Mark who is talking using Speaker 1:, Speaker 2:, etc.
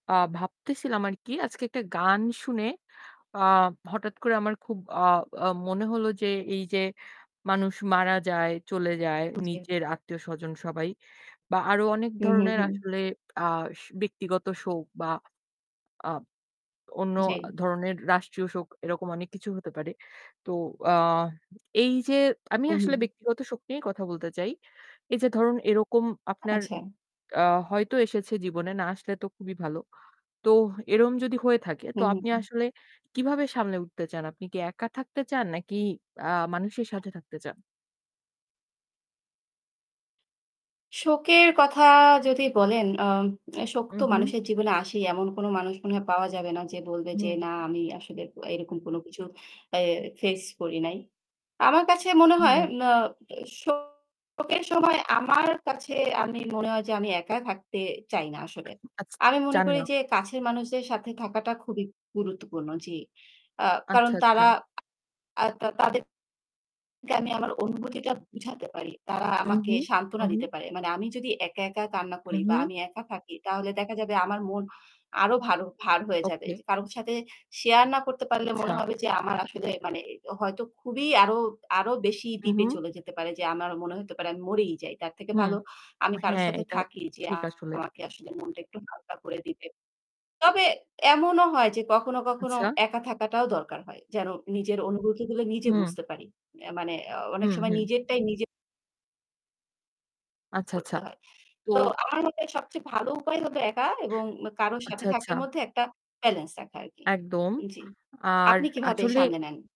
Speaker 1: আ ভাবতেছিলাম আরকি আজকে একটা গান শুনে আ হঠাৎ করে আমার খুব আ আ মনে হলো যে এইযে মানুষ মারা যায়, চলে যায়
Speaker 2: হু, জি।
Speaker 1: নিজের আত্মীয়স্বজন সবাই বা আরও অনেক
Speaker 2: হু, হু,
Speaker 1: ধরনের
Speaker 2: হু।
Speaker 1: আসলে আস ব্যক্তিগত শোক বা আ অন্য আ
Speaker 2: জি।
Speaker 1: ধরনের রাষ্ট্রীয় শোক, এরকম অনেক কিছু হতে পারে। তো আ এইযে আমি
Speaker 2: হু,
Speaker 1: আসলে
Speaker 2: হু।
Speaker 1: ব্যক্তিগত শোক নিয়েই কথা বলতে চাই। এইযে ধরুন এরকম আপনার
Speaker 2: আচ্ছা।
Speaker 1: আ হয়তো এসেছে জীবনে, না আসলে তো খুবই ভালো। তো এরকম যদি হয়ে থাকে
Speaker 2: হু,
Speaker 1: তো আপনি
Speaker 2: উ।
Speaker 1: আসলে কিভাবে সামলে উঠতে চান? আপনি কি একা থাকতে চান নাকি, আ মানুষের সাথে থাকতে চান?
Speaker 2: শোকের কথা যদি বলেন, আম শোক তো
Speaker 1: উহু।
Speaker 2: মানুষের জীবনে আসেই। এমন কোন মানুষ মনে হয় পাওয়া যাবে না যে বলবে যে না
Speaker 1: হুম।
Speaker 2: আমি আসলে এরকম কোন কিছু এ face করি নাই। আমার কাছে মনে হয়
Speaker 1: হুম।
Speaker 2: ম্না শোকের সময় আমার কাছে আমি মনে হয় যে আমি একা থাকতে চাই না আসলে।
Speaker 1: উ আচ্ছা,
Speaker 2: আমি মনে
Speaker 1: চান
Speaker 2: করি
Speaker 1: না।
Speaker 2: যে কাছের মানুষদের সাথে থাকাটা খুবই গুরুত্বপূর্ণ জি। আ কারণ
Speaker 1: আচ্ছা,
Speaker 2: তারা
Speaker 1: আচ্ছা।
Speaker 2: আ তা তাদের আমি আমার অনুভূতিটা বুঝাতে পারি। তারা আমাকে
Speaker 1: উহু,
Speaker 2: সান্ত্বনা
Speaker 1: উহু।
Speaker 2: দিতে পারে। মানে আমি যদি একা, একা কান্না করি বা
Speaker 1: উহু।
Speaker 2: আমি একা থাকি, তাহলে দেখা যাবে আমার মন আরও ভার ভার হয়ে যাবে।
Speaker 1: ওকে।
Speaker 2: যে কারো সাথে share না করতে পারলে
Speaker 1: আচ্ছা।
Speaker 2: মনে হবে যে আমার আসলে মানে এ হয়তো খুবই আরও আরও বেশি deep এ
Speaker 1: উহু।
Speaker 2: চলে যেতে পারে যে আমার মনে হতে পারে আমি মরেই যাই। তার থেকে
Speaker 1: হুম।
Speaker 2: ভালো আমি কারো
Speaker 1: হ্যাঁ,
Speaker 2: সাথে
Speaker 1: এটা
Speaker 2: থাকি যে
Speaker 1: ঠিক আসলে।
Speaker 2: আমাকে আসলে মনটা একটু হালকা করে দিবে। তবে এমনও হয় যে কখনো, কখনো
Speaker 1: আচ্ছা।
Speaker 2: একা থাকাটাও দরকার হয় যেন নিজের অনুভূতিগুলো নিজে
Speaker 1: হুম।
Speaker 2: বুঝতে পারি। এ মানে অ অনেক
Speaker 1: হুম,
Speaker 2: সময়
Speaker 1: হুম।
Speaker 2: নিজেরটাই নিজের
Speaker 1: আচ্ছা,
Speaker 2: করতে
Speaker 1: আচ্ছা।
Speaker 2: হয়।
Speaker 1: তো
Speaker 2: তো আমার মনে হয় সবচেয়ে ভালো উপায় হলো একা এবং কারো সাথে
Speaker 1: আচ্ছা, আচ্ছা।
Speaker 2: থাকার মধ্যে একটা balance রাখা আরকি।
Speaker 1: একদম।
Speaker 2: জি।
Speaker 1: আর
Speaker 2: আপনি কিভাবে
Speaker 1: আসলে
Speaker 2: সামলে নেন?